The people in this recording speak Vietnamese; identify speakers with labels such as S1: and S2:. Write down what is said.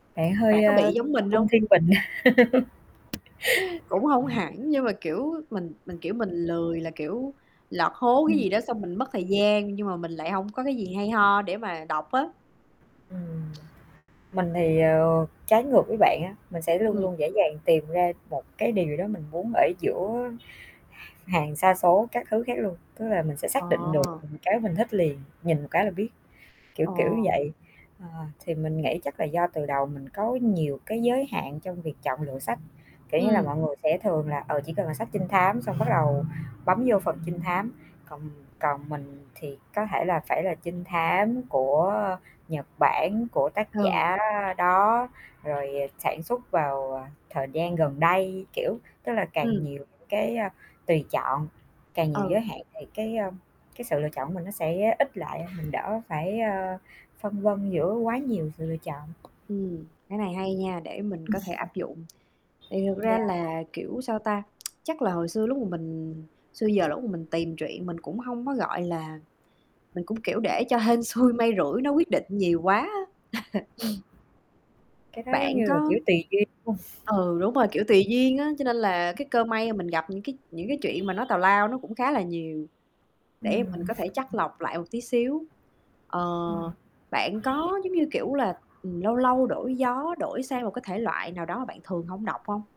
S1: Bạn
S2: Bạn
S1: hơi,
S2: có
S1: ơ,
S2: bị giống mình
S1: cung
S2: hông?
S1: Thiên Bình.
S2: Cũng hông hẳn, nhưng mà, kiểu, mình mình, kiểu, mình lười, là kiểu, lọt hố cái
S1: Ừm.
S2: gì đó, xong mình mất thời gian, nhưng mà mình lại hông có cái gì hay ho để mà đọc á.
S1: Ừm. Mình thì, ờ, trái ngược với bạn á, mình sẽ luôn
S2: Ừm.
S1: luôn dễ dàng tìm ra một cái điều đó mình muốn ở giữa h hàng sa số các thứ khác luôn. Tức là mình sẽ xác định được,
S2: Ờ!
S1: ừm, cái mình thích liền, nhìn một cái là biết, kiểu
S2: Ờ.
S1: kiểu như vậy. Ờ, thì mình nghĩ chắc là do từ đầu mình có nhiều cái giới hạn trong việc chọn lựa sách, kiểu như là,
S2: Ừm.
S1: mọi người sẽ thường là, ờ, chỉ cần là sách trinh thám xong bắt đầu bấm vô phần trinh thám. Còn, ừm, còn mình thì có thể là phải là trinh thám của, ơ, Nhật Bản, của tác
S2: Ừ.
S1: giả đó, rồi, à, sản xuất vào, ờ, thời gian gần đây. Kiểu, tức là càng
S2: Ừm.
S1: nhiều những cái, a, tùy chọn, càng nhiều giới
S2: Ừ.
S1: hạn thì cái, a, cái sự lựa chọn của mình nó sẽ ít lại. Mình đỡ phải, ơ, phân vân giữa quá nhiều sự lựa chọn.
S2: Ừm, cái này hay nha để mình
S1: Ừm.
S2: có thể áp dụng. Thì thật ra
S1: Yeah.
S2: là, kiểu, sao ta? Chắc là hồi xưa lúc mà mình xưa giờ là lúc mà mình tìm truyện mình cũng hông có, gọi là mình cũng, kiểu, để cho hên xui may rủi nó quyết định nhiều quá á.
S1: Ừm. Cái đó giống
S2: Bạn
S1: như là,
S2: có
S1: kiểu, tuỳ duyên [unintelligible]
S2: Ừ, đúng rồi, kiểu, tùy duyên á. Cho nên là cái cơ may mà mình gặp những cái những cái truyện mà nó tào lao, nó cũng khá là nhiều, để mình
S1: Ừm.
S2: có thể chắt lọc lại một tí xíu. Ờ,
S1: Ừm.
S2: bạn có giống như, kiểu là, ừm, lâu lâu đổi gió, đổi sang một cái thể loại nào đó mà bạn thường hổng đọc hông?